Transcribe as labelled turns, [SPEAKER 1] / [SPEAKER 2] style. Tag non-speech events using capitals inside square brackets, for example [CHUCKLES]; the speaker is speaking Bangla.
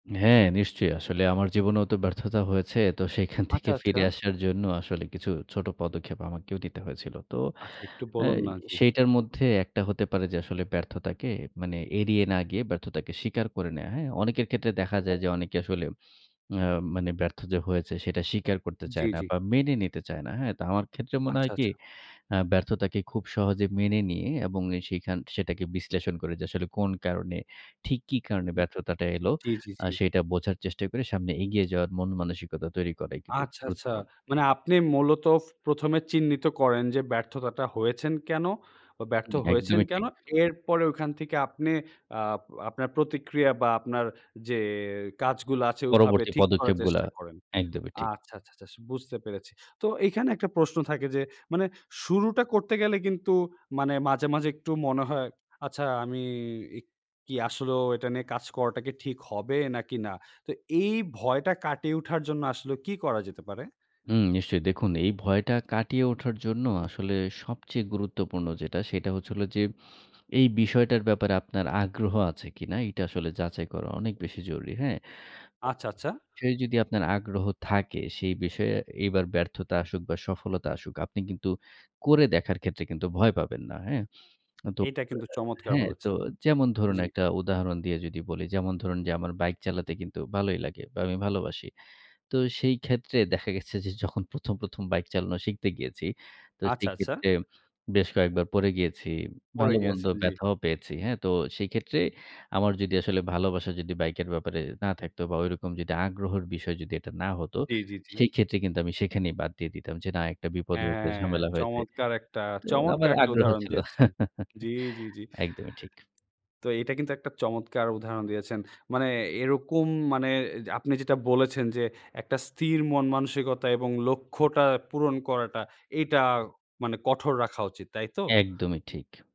[SPEAKER 1] হ্যাঁ, নিশ্চয়ই। আসলে আমার জীবনেও তো ব্যর্থতা হয়েছে। তো সেখান থেকে
[SPEAKER 2] আচ্ছা, আচ্ছা।
[SPEAKER 1] ফিরে আসার জন্য আসলে কিছু ছোট পদক্ষেপ আমাকেও দিতে হয়েছিল। তো
[SPEAKER 2] আচ্ছা, একটু
[SPEAKER 1] অ্যা
[SPEAKER 2] বলুন না জি।
[SPEAKER 1] সেইটার মধ্যে একটা হতে পারে যে আসলে ব্যর্থতাকে মানে এড়িয়ে না গিয়ে ব্যর্থতাকে স্বীকার করে নেয়া। হ্যাঁ, অনেকের ক্ষেত্রে দেখা যায়
[SPEAKER 2] ও।
[SPEAKER 1] যে অনেকে আসলে অ্যা মানে ব্যর্থ যে হয়েছে সেটা স্বীকার করতে
[SPEAKER 2] জি,
[SPEAKER 1] চায় না
[SPEAKER 2] জি।
[SPEAKER 1] বা মেনে নিতে চায় না। হ্যাঁ, তো আমার ক্ষেত্রে মনে
[SPEAKER 2] আচ্ছা,
[SPEAKER 1] হয় কি
[SPEAKER 2] আচ্ছা।
[SPEAKER 1] অ্যা ব্যর্থতাকে খুব সহজে মেনে নিয়ে এবং এ সেখান সেটাকে বিশ্লেষণ করে যে আসলে কোন কারণে ঠিক কি কারণে
[SPEAKER 2] হু।
[SPEAKER 1] ব্যর্থতাটা এলো
[SPEAKER 2] জি, জি,
[SPEAKER 1] অ্যা
[SPEAKER 2] জি।
[SPEAKER 1] সেটা বোঝার চেষ্টা করে সামনে এগিয়ে যাওয়ার মন-মানসিকতা তৈরি করাই কিন্তু
[SPEAKER 2] আচ্ছা, আচ্ছা।
[SPEAKER 1] গুরুত্বপূর্ণ।
[SPEAKER 2] মানে আপনি মূলত ফ ১ম, এ চিহ্নিত করেন যে ব্যর্থতাটা হয়েছেন কেনো? বা ব্যর্থ
[SPEAKER 1] উম
[SPEAKER 2] হয়েছেন
[SPEAKER 1] একদমই ঠিক।
[SPEAKER 2] কেনো? এরপরে ওখান থেকে আপনে অ্যা আপনার প্রতিক্রিয়া বা আপনার যে কাজগুলো আছে ওভাবে
[SPEAKER 1] পরবর্তী
[SPEAKER 2] ঠিক করার
[SPEAKER 1] পদক্ষেপগুলা
[SPEAKER 2] চেষ্টা করেন।
[SPEAKER 1] একদমই ঠিক।
[SPEAKER 2] আচ্ছা, আচ্ছা, আচ্ছা বুঝতে পেরেছি। তো এখানে একটা প্রশ্ন থাকে যে, মানে শুরুটা করতে গেলে কিন্তু মানে মাঝে, মাঝে একটু মনে হয়, আচ্ছা আমি এক কি আসলেও এটা নিয়ে কাজ করাটা কি ঠিক হবে নাকি না? তো এই ভয়টা কাটিয়ে উঠার জন্য আসলেও কি করা যেতে পারে?
[SPEAKER 1] হুম নিশ্চয়ই দেখুন, এই ভয়টা কাটিয়ে ওঠার জন্য আসলে সবচেয়ে গুরুত্বপূর্ণ যেটা, সেটা হচ্ছে হলো যে এই বিষয়টার ব্যাপারে আপনার আগ্রহ আছে কিনা এটা আসলে যাচাই করা অনেক বেশি জরুরি। হ্যাঁ?
[SPEAKER 2] আচ্ছা, আচ্ছা।
[SPEAKER 1] সে যদি আপনার আগ্রহ থাকে সেই বিষয়ে এইবার ব্যর্থতা আসুক বা সফলতা আসুক আপনি কিন্তু করে দেখার ক্ষেত্রে কিন্তু ভয় পাবেন না। হ্যাঁ? আ [SMACKS LIPS] তো
[SPEAKER 2] এইটা কিন্তু চমৎকার
[SPEAKER 1] হ্যাঁ, তো
[SPEAKER 2] বলেছেন!
[SPEAKER 1] যেমন ধরুন,
[SPEAKER 2] জি।
[SPEAKER 1] একটা উদাহরণ দিয়ে যদি বলি, যেমন ধরুন, যে আমার বাইক চালাতে কিন্তু ভালোই লাগে। বা আমি ভালোবাসি। তো সেই ক্ষেত্রে দেখা গেছে যে যখন ১ম, ১ম, বাইক চালানো শিখতে গিয়েছি, তো সেই
[SPEAKER 2] আচ্ছা, আচ্ছা।
[SPEAKER 1] ক্ষেত্রে বেশ কয়েকবার পড়ে গিয়েছি।
[SPEAKER 2] পরে
[SPEAKER 1] ভালোমন্দ
[SPEAKER 2] গিয়েছেন জি।
[SPEAKER 1] ব্যথাও পেয়েছি। হ্যাঁ, তো সেই ক্ষেত্রে আমার যদি আসলে ভালোবাসা যদি বাইকের ব্যাপারে না থাকতো বা ঐরকম যদি আগ্রহের বিষয় যদি এটা না হতো,
[SPEAKER 2] জি, জি, জি।
[SPEAKER 1] সেক্ষেত্রে কিন্তু আমি সেখানেই বাদ দিয়ে দিতাম যে না একটা বিপদ
[SPEAKER 2] অ্যা
[SPEAKER 1] হয়েছে, ঝামেলা হয়েছে।
[SPEAKER 2] চমৎকার একটা
[SPEAKER 1] তো আমার
[SPEAKER 2] চমৎকার, একটা
[SPEAKER 1] আগ্রহ
[SPEAKER 2] উদাহরণ
[SPEAKER 1] ছিল।
[SPEAKER 2] দিয়েছেন।
[SPEAKER 1] [CHUCKLES]
[SPEAKER 2] জি, জি, জি।
[SPEAKER 1] একদমই ঠিক।
[SPEAKER 2] তো এটা কিন্তু একটা চমৎকার উদাহরণ দিয়েছেন। মানে এরকম মানে, অ্যা আপনি যেটা বলেছেন, যে একটা স্থির মন-মানসিকতা এবং লক্ষ্যটা পূরণ করাটা এইটা মানে কঠোর রাখা উচিত, তাইতো?
[SPEAKER 1] একদমই ঠিক।